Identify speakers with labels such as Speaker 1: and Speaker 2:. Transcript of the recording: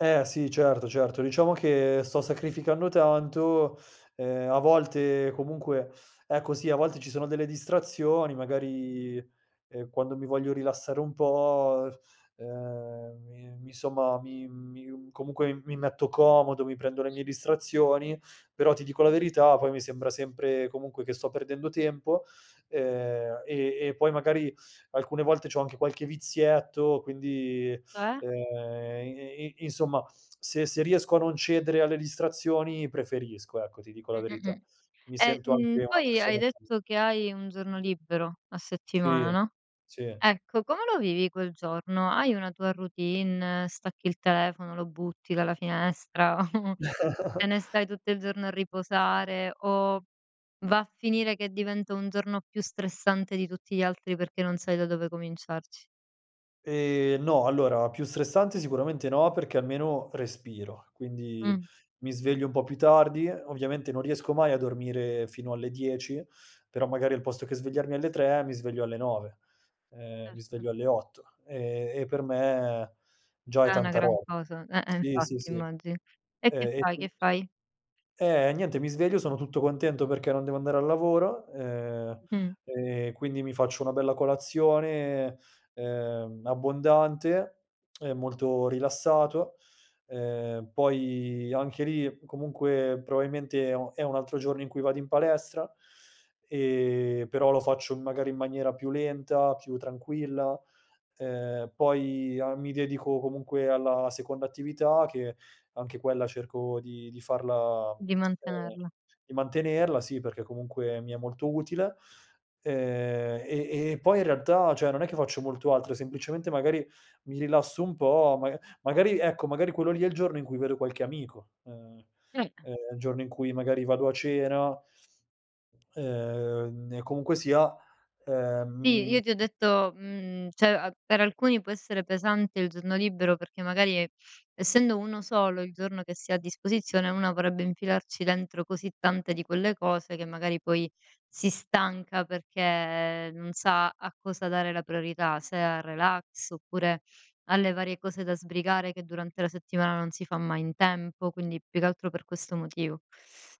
Speaker 1: Eh sì, certo certo. Diciamo che sto sacrificando tanto, ehm, a volte comunque ecco sì, a volte ci sono delle distrazioni, magari, ehm, quando mi voglio rilassare un po', ehm, mi mi somma mi mi comunque mi metto comodo, mi prendo le mie distrazioni, però ti dico la verità, poi mi sembra sempre comunque che sto perdendo tempo, ehm, e e poi magari alcune volte c'ho anche qualche vizietto, quindi,
Speaker 2: Cioè?
Speaker 1: ehm, i i i insomma se se riesco a non cedere alle distrazioni preferisco, ecco, ti dico la verità.
Speaker 2: Mh-mh-mh.
Speaker 1: Mi
Speaker 2: E,
Speaker 1: sento
Speaker 2: mhmm,
Speaker 1: anche una
Speaker 2: poi hai
Speaker 1: persona più
Speaker 2: detto che hai un giorno libero a settimana,
Speaker 1: Sì,
Speaker 2: no,
Speaker 1: sì.
Speaker 2: ecco, come lo vivi quel giorno? Hai una tua routine, stacchi il telefono, lo butti dalla finestra? Te ne stai tutto il giorno a riposare, o va a finire che diventa un giorno più stressante di tutti gli altri perché non sai da dove cominciarci?
Speaker 1: Ehm, no, allora più stressante sicuramente no, perché almeno respiro, quindi
Speaker 2: Mh.
Speaker 1: mi sveglio un po' più tardi. Ovviamente non riesco mai a dormire fino alle 10, però magari al posto che svegliarmi alle 3 mi sveglio alle 9, ehm, mi
Speaker 2: [unintelligible]
Speaker 1: sveglio alle 8; ehm, e per me già è
Speaker 2: È una
Speaker 1: tanta
Speaker 2: gran
Speaker 1: rob
Speaker 2: cosa. Eh-eh,
Speaker 1: sì, sì,
Speaker 2: infatti
Speaker 1: sì.
Speaker 2: immagino. E
Speaker 1: Ehm,
Speaker 2: che
Speaker 1: e
Speaker 2: fai, che
Speaker 1: quindi
Speaker 2: fai?
Speaker 1: eh, niente, mi sveglio, sono tutto contento perché non devo andare al lavoro, ehm,
Speaker 2: Mh.
Speaker 1: e quindi mi faccio una bella colazione, ehm, abbondante e molto rilassato. Ehm, poi anche lì comunque probabilmente è un è un altro giorno in cui vado in palestra, ehm, però lo faccio magari in maniera più lenta, più tranquilla. Ehm, poi a mi dedico comunque alla seconda attività, che anche quella cerco di di farla
Speaker 2: Di
Speaker 1: ehm,
Speaker 2: mantenerla.
Speaker 1: di mantenerla, sì, perché comunque mi è molto utile. Ehm, e e e poi in realtà, cioè, non è che faccio molto altro, semplicemente magari mi rilasso un po', maga magari ecco, magari quello lì è il giorno in cui vedo qualche amico, ehm,
Speaker 2: [unintelligible]
Speaker 1: ehm, è il giorno in cui magari vado a cena; ehm, e comunque sia, ehm,
Speaker 2: Sì,
Speaker 1: mi,
Speaker 2: io ti ho
Speaker 1: mhmm
Speaker 2: detto mhmm, cioè a per alcuni può essere pesante il giorno libero perché magari essendo 1 solo il giorno che si ha a disposizione, una vorrebbe infilarci dentro così tante di quelle cose che magari poi si stanca perché non sa a cosa dare la priorità, se al relax oppure alle varie cose da sbrigare che durante la settimana non si fa mai in tempo. Quindi più che altro per questo motivo.